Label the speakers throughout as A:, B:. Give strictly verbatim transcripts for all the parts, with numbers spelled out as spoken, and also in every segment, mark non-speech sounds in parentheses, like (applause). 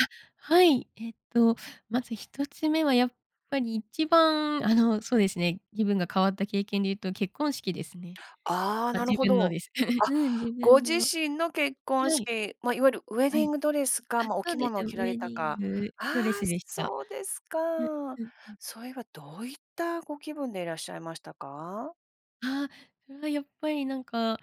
A: あ、はい、えっとまずひとつめは、やっぱりいちばんあの、そうですね、気分が変わった経験で言うと、結婚式ですね。
B: ああ、
A: あ、
B: なる
A: 自
B: ほ
A: 分の
B: ど。
A: です。
B: あ、
A: (chuckles) うん、自
B: ご
A: 分
B: 自
A: の。は
B: 身の結婚
A: い。
B: 式、ま、いわゆるウエデ
A: は
B: ィ
A: い。
B: ングドレスか、
A: あ、
B: ま、お
A: そう
B: 着
A: で
B: 物
A: す
B: を
A: よ。
B: 着ら
A: ウ
B: れ
A: エデ
B: た
A: ィン
B: か
A: グ
B: あ
A: ドレス
B: あ、
A: でし
B: そ
A: た。
B: そうですか。
A: うん、うん、うん。
B: それはどういったご気分でいらっしゃいましたか？
A: ああ、それはやっぱりなんか、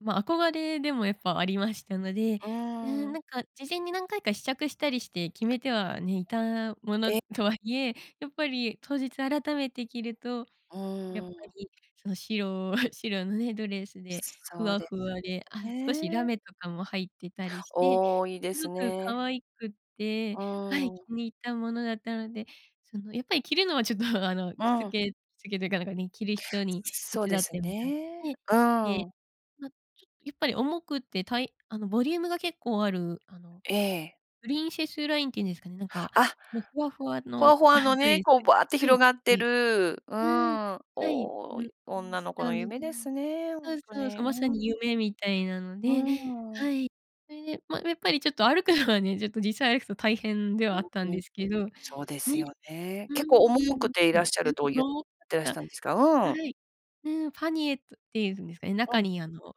A: ま、憧れでもやっぱありましたので、
B: う
A: う
B: ー
A: ん、な
B: ん。
A: んか事前に何回か試着したりして決めてはね、いたもの
B: え。
A: とはいえ、やっぱり当日改めて着ると、
B: う
A: やっ
B: ー
A: ぱ
B: ん。
A: り、その白 (chuckles) 白のね、ドレスでふ
B: そう
A: わ
B: で
A: ふ
B: す
A: わで、あ、
B: よ
A: 少しラ
B: ね。
A: メとかも入ってたりして、
B: おお、いいで
A: す
B: す
A: ごく可
B: ね。
A: 愛くって、は
B: う
A: い、気
B: ん。
A: に入ったものだったので、そのやっぱり着るのはちょっと、あの
B: う
A: 着付
B: ん。
A: け着付けというかなんかね、着る人に
B: そ
A: 手
B: う
A: 伝
B: で
A: っ
B: す
A: てもらっ
B: ね。
A: て、
B: う
A: で、
B: ん。
A: ま、ちょっと、やっぱり重くてたいあのボリュームが結構ある、あの
B: ええ。
A: プリンセスラインっていうんですかね、なんか、
B: あ
A: もうふわふわ
B: ホワ
A: の
B: ホ
A: あ、
B: ワの
A: ド
B: ね、
A: レス
B: こうバーって
A: は
B: 広
A: い。
B: がって
A: え、
B: る、う
A: うん、
B: ん、
A: はいん
B: おお、
A: に
B: 女
A: し
B: の子
A: た
B: の
A: の
B: 夢ですね、ほ
A: そう
B: んと
A: そうそ
B: に。
A: う。
B: う
A: まさに
B: ん。う
A: 夢みたいなので、
B: ー
A: は
B: ん。
A: い。それで、ま、やっぱりちょっと歩くのはね、ちょっと実際歩くと大変ではあったん
B: うん、う
A: で
B: ん。
A: すけど、ね
B: そうで
A: う
B: す
A: ん、
B: よね。結構重くていらっしゃるとゆっ
A: (unintelligible)
B: てらしたんですか。うん。
A: はい。うん、パニエットっていうんですかね、中
B: うん。
A: にあの、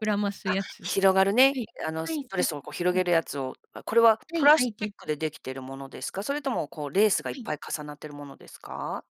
A: 膨らます
B: あ、
A: やつは
B: 広がるね、
A: い、
B: あの
A: は
B: す
A: い、そ
B: ドレ
A: う、そ
B: スをこう
A: う、
B: 広
A: そう。
B: げるやつを、これは
A: は
B: プ
A: い、
B: ラ
A: は
B: ス
A: い
B: チ
A: て
B: ックで出来てるものですか？それともこう、レースがいっ
A: はい。
B: ぱい重なってるものですか？